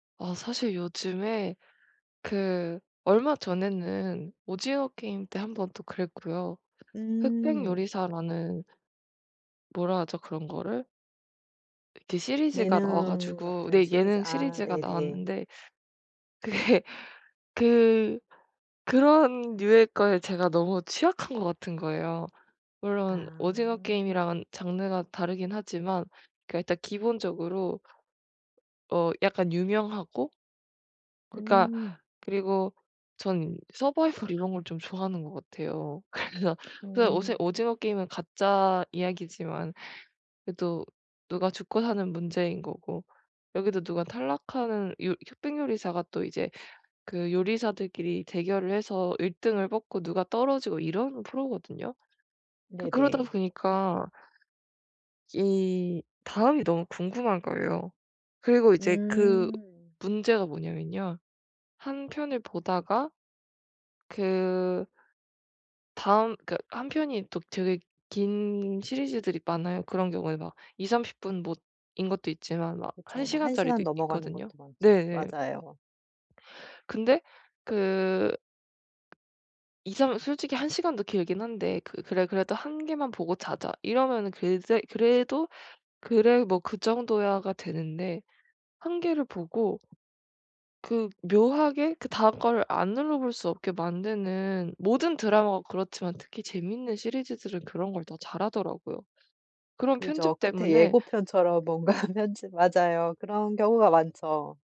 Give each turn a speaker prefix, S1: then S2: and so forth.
S1: 아 사실 요즘에 그 얼마 전에는 오징어 게임 때 1 번 또 그랬고요. 흑백
S2: 음.
S1: 요리사라는 뭐라 하죠 그런 거를? 이렇게 시리즈가 나와
S2: 예능
S1: 가지고
S2: 같은
S1: 네
S2: 시리즈.
S1: 예능
S2: 아
S1: 시리즈가
S2: 네네.
S1: 나왔는데 그게 그 그런 류의 거에 제가 너무 취약한 것 같은 거예요. 물론 오징어
S2: 아.
S1: 게임이랑은 장르가 다르긴 하지만 그러니까 일단 기본적으로 어 약간 유명하고 그러니까
S2: 음.
S1: 그리고 전 서바이벌 이런 걸 좀 좋아하는 것 같아요. 그래서 그래서 오세
S2: 오.
S1: 오징어 게임은 가짜 이야기지만 그래도 누가 죽고 사는 문제인 거고 여기도 누가 탈락하는 요 흑백 요리사가 또 이제 그 요리사들끼리 대결을 해서 1 등을 뽑고 누가 떨어지고 이런 프로거든요. 그 그러다
S2: 네네.
S1: 보니까 이 다음이 너무 궁금한 거예요. 그리고 이제 그
S2: 음.
S1: 문제가 뭐냐면요. 1 편을 보다가 그 다음 그 1 편이 또 되게 긴 시리즈들이 많아요. 그런 경우에 막 20-30 분 뭐 인 것도 있지만 막
S2: 그쵸.
S1: 1
S2: 뭐 1 시간
S1: 시간짜리도 있
S2: 넘어가는
S1: 있거든요.
S2: 것도 많죠.
S1: 네네.
S2: 맞아요.
S1: 근데 그 이삼 솔직히 1 시간도 길긴 한데 그 그래 그래도 '1 개만 보고 자자.' 이러면은 그대 그래도 '그래. 뭐 그 정도야.'가 되는데 1 개를 보고 그 묘하게 그다음 거를 안 눌러볼 수 없게 만드는 모든 드라마가 그렇지만 특히 재밌는 시리즈들은 그런 걸 더 잘하더라고요. 그런
S2: 그죠.
S1: 편집
S2: 끝에
S1: 때문에
S2: 예고편처럼 뭔가 편집 맞아요. 그런 경우가 많죠.